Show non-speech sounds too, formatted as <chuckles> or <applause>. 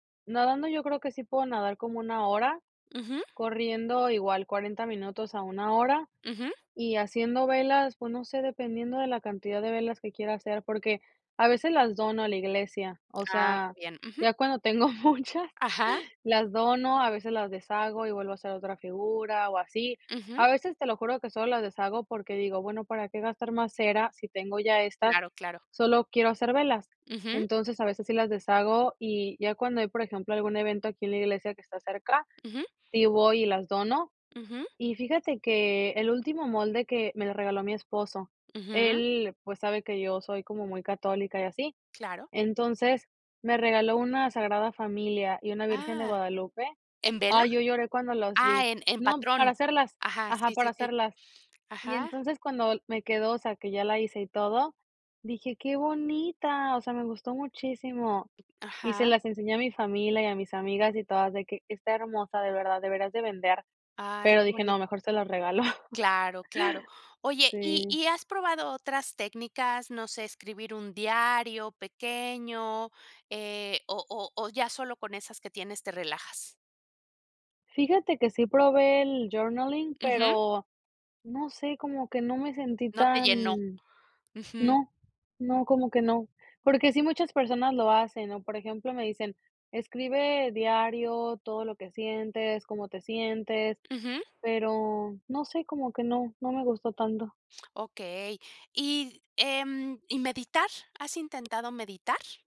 Nadando yo creo que sí puedo nadar como 1 hora, Ujú. corriendo igual 40 minutos a 1 hora. Ujú. Y haciendo velas, pues, no sé, dependiendo de la cantidad de velas que quiera hacer porque, a veces las dono a la iglesia, o Ah, que sea, bien, ujú. ya cuando tengo muchas Ajá. las dono, a veces las deshago y vuelvo a hacer otra figura o así. Ujú. A veces te lo juro que solo las deshago porque digo: "Bueno, ¿para qué gastar más cera si tengo ya estas? Claro, claro. Solo quiero hacer velas". Ujú. Entonces, a veces sí las deshago y ya cuando hay, por ejemplo, algún evento aquí en la iglesia que está cerca, Ujú. sí voy y las dono. Ujú. Y fíjate que el último molde que me lo regaló mi esposo, Ujú. él, pues, sabe que yo soy como muy católica y así, Claro. entonces me regaló una Sagrada Familia y una Virgen de Ah, Guadalupe. ¿en vela? Ay, yo lloré cuando las Ah, vi. en en No, para patrón. hacerlas, Ajá, ajá, sí, sí, para sí. hacerlas. Y Ajá. entonces, cuando me quedó, o sea, que ya la hice y todo, dije: "¡Qué bonita!" O sea, me gustó muchísimo y se Ajá. las enseñé a mi familia y a mis amigas y todas de que: "Está hermosa, de verdad, deberías de vender", Ay, pero qué dije: boni "No, mejor se las regalo". Claro, claro. <chuckles> Oye, ¿y Sí. y has probado otras técnicas, no sé, escribir un diario pequeño, eh, o o o ya solo con esas que tienes te relajas? Fíjate que sí probé el journaling, Ujú. pero no sé, como que no me sentí No te llenó. tan Ujú. no, no, como que no. Porque sí muchas personas lo hacen, ¿no? Por ejemplo, me dicen: "Escribe diario todo lo que sientes, cómo te sientes", Ujú. pero no sé, como que no, no me gustó tanto. Okey. ¿Y, em, y meditar? ¿Has intentado meditar?